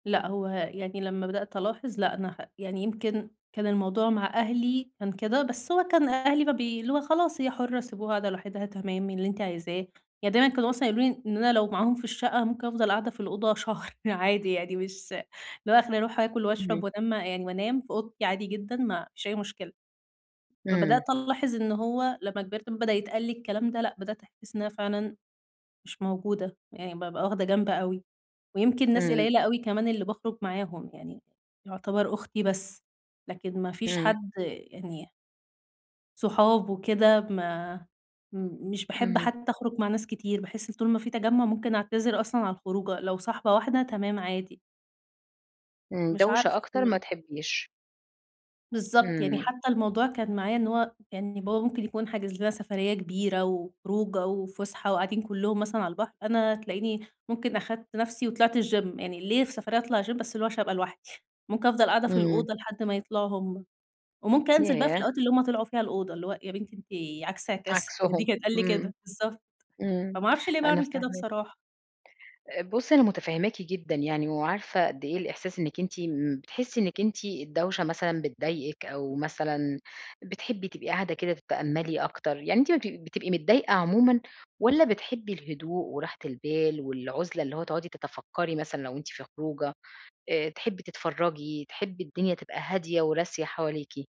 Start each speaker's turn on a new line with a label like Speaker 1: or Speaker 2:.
Speaker 1: لأ، هُو يعني لمّا بدأت ألاحظ لأ أنا خ يعني يمكن كان الموضوع مع أهلي، كان كده، بس هُو كان أهلي مبي اللي هُو خلاص، هي حرة، سيبوها قاعدة لوحِدها، تمام، اللي أنتِ عايزاه. يعني دايمًا كانوا مثلًا يقولوا لي إن أنا لو معاهم في الشقة أنا ممكن أفضل قاعدة في الأوضة شهر عادي يعني مش اللي هُو آخري أروح آكل وأشرب
Speaker 2: اهم.
Speaker 1: وأنا مع يعني وأنام في أوضتي عادي جدًا، ما فيش أي مشكلة. فبدأت
Speaker 2: إمم.
Speaker 1: ألاحظ إن هُو لما كبرت، ب بدأ يتقالّي الكلام ده لأ، بدأت أحس إن أنا فعلًا مش موجودة، يعني بابقى واخدة جنب أوي، ويمكن ناس
Speaker 2: إمم.
Speaker 1: قليلة اوي كمان اللي بخرج معاهم، يعني يعتبر أختي بس، لكن ما فيش
Speaker 2: إمم.
Speaker 1: حد يعني صُحاب وكده ما م مش باحب
Speaker 2: اهم.
Speaker 1: حتى أخرُج مع ناس كتير، باحس إن طول ما في تجمع ممكن أعتذر أصلًا عن الخروجة، لو صاحبة واحدة تمام عادي.
Speaker 2: امم،
Speaker 1: مش
Speaker 2: دوشة
Speaker 1: عارفة
Speaker 2: أكتر ما
Speaker 1: بقى.
Speaker 2: تحبيش.
Speaker 1: بالضبط، يعني
Speaker 2: إمم.
Speaker 1: حتى الموضوع كان معايا إن هُو يعني بابا ممكن يكون حاجز لنا سفرية كبيرة و وخروجة وفسحة وقاعدين كلهم مثلًا على البحر، أنا تلاقيني ممكن أخدت نفسي وطلعت الgym، يعني ليه في سفرية أطلع gym؟! بس اللي هُو عشان أبقى لوحدي، ممكن أفضل قاعدة في
Speaker 2: إمم.
Speaker 1: الأوضة لحد ما يطلعوا هُم، وممكن أنزل بقى في
Speaker 2: ياه!
Speaker 1: الوقت اللي هُم طلعوا فيه الأوضة اللي هُو "يا بنتي أنتِ عكس عكاس؟" دي
Speaker 2: عكسُهم.
Speaker 1: كان تتقال لي
Speaker 2: إمم،
Speaker 1: كده. بالضبط،
Speaker 2: إمم،
Speaker 1: فما أعرفش ليه
Speaker 2: أنا
Speaker 1: باعمل كده
Speaker 2: فاهماكِ.
Speaker 1: بصراحة.
Speaker 2: آآ، بُصي أنا مُتفهماكِ جدًا يعني، وعارفة قد إيه الإحساس إنك أنتِ إمم، بتحسي إنِّك أنتِ الدوشة مثلًا بتضايقك أو مثلًا بتحبي تبقي قاعدة كده تتأملي أكتر، يعني أنت ما بتب بتبقي متضايقة عمومًا، والّا بتحبي الهدوء وراحة البال والعُزلة اللي هُو تقعدي تتفكري مثلًا لو أنتِ في خروجة، آآ تحبي تتفرجي، تحبي الدنيا تبقى هادية وراسية حواليكِ؟